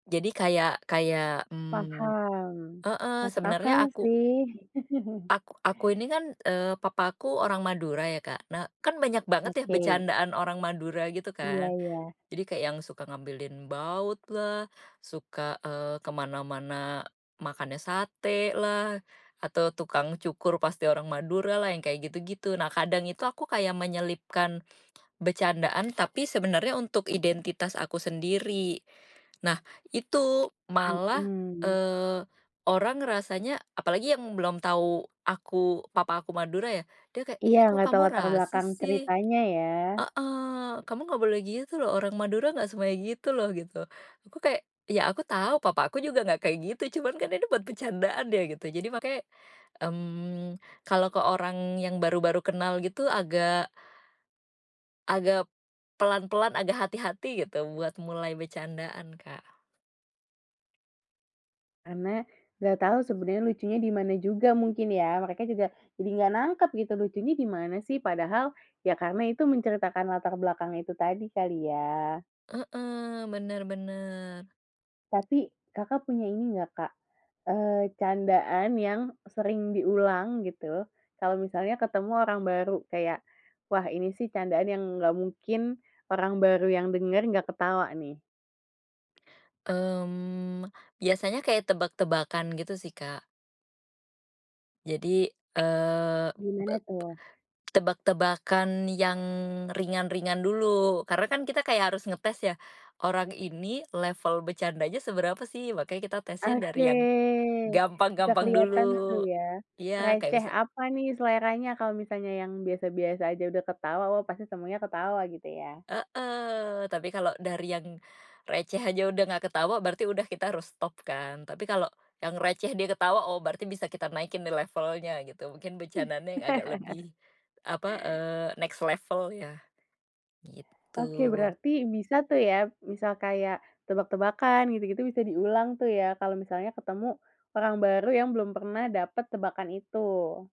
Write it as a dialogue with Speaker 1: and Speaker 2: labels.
Speaker 1: Jadi kayak kayak, mmm,
Speaker 2: Paham,
Speaker 1: heeh,
Speaker 2: masuk
Speaker 1: sebenarnya
Speaker 2: akal
Speaker 1: aku
Speaker 2: sih.
Speaker 1: aku aku ini kan, eee, papaku orang Madura ya Kak, nah kan banyak banget ya
Speaker 2: Oke.
Speaker 1: bercandaan orang Madura gitu
Speaker 2: Iya
Speaker 1: kan,
Speaker 2: iya.
Speaker 1: jadi kayak yang suka ngambilin bautlah, suka, eee, kemana-mana, makannya satelah, atau tukang cukur pasti orang Maduralah yang kayak gitu gitu, nah kadang itu aku kayak menyelipkan, becandaan tapi sebenarnya untuk identitas aku sendiri, nah itu malah,
Speaker 2: Mhm.
Speaker 1: eee, orang rasanya apalagi yang belum tahu aku papa aku Madura ya dia kayak, "Ih,
Speaker 2: Iya
Speaker 1: kok
Speaker 2: enggak tahu
Speaker 1: kamu
Speaker 2: latar
Speaker 1: rasis
Speaker 2: belakang
Speaker 1: sih,"
Speaker 2: ceritanya ya?
Speaker 1: heeh, "kamu enggak boleh gitu loh orang Madura nggak semuanya gitu loh" gitu aku kayak, iya aku tahu papa aku juga enggak kayak gitu cuman kan ini buat bercandaan ya gitu jadi makanya, mmm, kalau ke orang yang baru baru kenal gitu agak Agak, pelan-pelan, agak hati-hati gitu buat mulai bercandaan Kak.
Speaker 2: Karena enggak tahu sebenarnya lucunya dimana juga mungkin ya, mereka juga jadi enggak nangkep gitu lucunya dimana sih padahal ya karena itu menceritakan latar belakangnya itu tadi kali ya.
Speaker 1: Heeh, benar benar.
Speaker 2: Tapi Kakak, punya ini enggak Kak, eee, candaan yang sering diulang gitu kalau misalnya ketemu orang baru kayak, wah ini sih candaan yang nggak mungkin orang baru yang denger enggak ketawa nih.
Speaker 1: Mmm, biasanya kayak tebak-tebakan gitu sih Kak. Jadi, eee,
Speaker 2: Gimana
Speaker 1: [unintelligible]
Speaker 2: tuh?
Speaker 1: tebak-tebakan yang ringan-ringan dulu karena kan kita kayak harus ngetes ya, orang ini level bercandanya seberapa sih makanya kita tesnya
Speaker 2: Oke,
Speaker 1: dari yang,
Speaker 2: bisa
Speaker 1: gampang-gampang
Speaker 2: kelihatan tuh
Speaker 1: dulu,
Speaker 2: ya,
Speaker 1: iya kayak
Speaker 2: sereceh
Speaker 1: misa
Speaker 2: apa nih seleranya kalau misalnya yang biasa-biasa saja udah ketawa wah pasti semuanya ketawa gitu ya?
Speaker 1: Heeh, tapi kalau dari yang, receh aja udah enggak ketawa berarti udah kita harus stop kan tapi kalau yang receh dia ketawa oh berarti bisa kita naikin nih levelnya gitu mungkin bercandaannya yang agak, lebih apa, eee, next level iya,
Speaker 2: Oke
Speaker 1: gitu.
Speaker 2: berarti bisa tuh ya misal kayak tebak-tebakan gitu gitu bisa diulang tuh ya kalau misalnya ketemu orang baru yang belum pernah dapet tebakan itu.